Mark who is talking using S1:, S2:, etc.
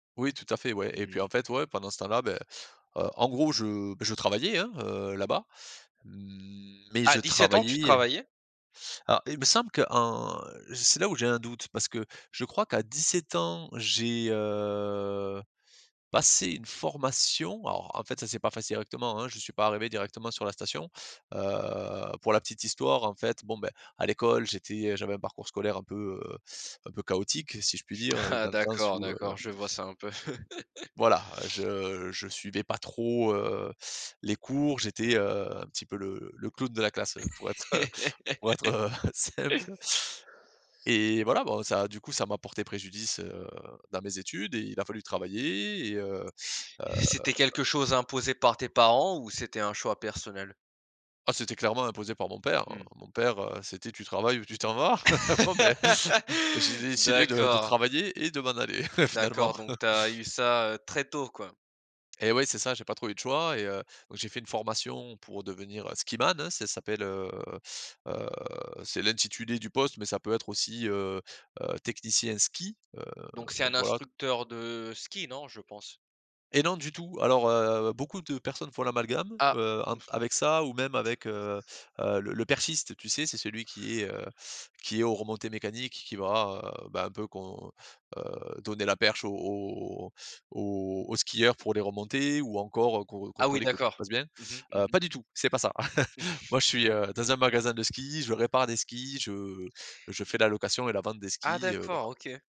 S1: Oui, tout à fait, ouais
S2: Mmh
S1: et puis, en
S2: oui.
S1: fait, ouais, pendant ce temps-là, bah, heu, en gros, je, bah, je travaillais, hein, heu, là-bas, mais
S2: À
S1: je
S2: 17 ans, tu
S1: travaillais
S2: travaillais?
S1: alors il me semble qu'en c'est là où j'ai un doute parce que je crois qu'à 17 ans, j'ai, heu, passé une formation. Alors, en fait, ça s'est pas fait directement, hein, je suis pas arrivé directement sur la station. Heu, pour la petite histoire, en fait, bon, bah, à l'école, j'étais j'avais un parcours scolaire un peu, heu, un peu chaotique, si je puis dire,
S2: Ah
S1: dans le sens
S2: d'accord,
S1: où heu
S2: d'accord, je vois ça un peu.
S1: voilà. Je je suivais pas trop, heu, les cours. J'étais, heu, un petit peu le le clown de la classe, heu, pour être, heu, on va être, heu, simple et voilà, bon, ça, du coup, ça m'a porté préjudice, heu, dans mes études et il a fallu travailler et heu heu
S2: C'était quelque chose imposé par tes parents ou c'était un choix personnel?
S1: Ah c'était clairement imposé par mon père, heu.
S2: Mmh.
S1: Mon père, heu, c'était: «Tu travailles ou tu t'en vas». Bon, ben, j'ai décidé de de
S2: D'accord.
S1: travailler et de m'en aller
S2: D'accord,
S1: finalement.
S2: donc tu as eu ça, heu, très tôt, quoi.
S1: Et ouais, c'est ça. J'ai pas trop eu de choix et heu donc j'ai fait une formation pour devenir skiman, hein. Ça s'appelle, heu heu, c'est l'intitulé du poste mais ça peut être aussi, heu heu, technicien ski, heu
S2: Donc c'est
S1: donc
S2: un
S1: voilà.
S2: instructeur de ski, non, je pense?
S1: Et non, du tout, alors heu, beaucoup de personnes font l'amalgame,
S2: Ah.
S1: heu, entre avec ça ou même avec, heu heu, le le perchiste, tu sais, c'est celui qui est, heu, qui est aux remontées mécaniques, qui va, heu, bah, un peu qu'on heu, donner la perche aux aux aux aux skieurs pour les remontées ou encore, heu, con
S2: Ah oui,
S1: contrôler que tu te
S2: d'accord.
S1: poses bien.
S2: Mmh mh. Mmh
S1: Heu,
S2: mh.
S1: pas du tout, c'est pas ça. Moi, je suis, heu, dans un magasin de ski, je répare des skis, je je fais la location et la vente des
S2: Ah
S1: skis, heu,
S2: d'accord.
S1: voilà.
S2: OK.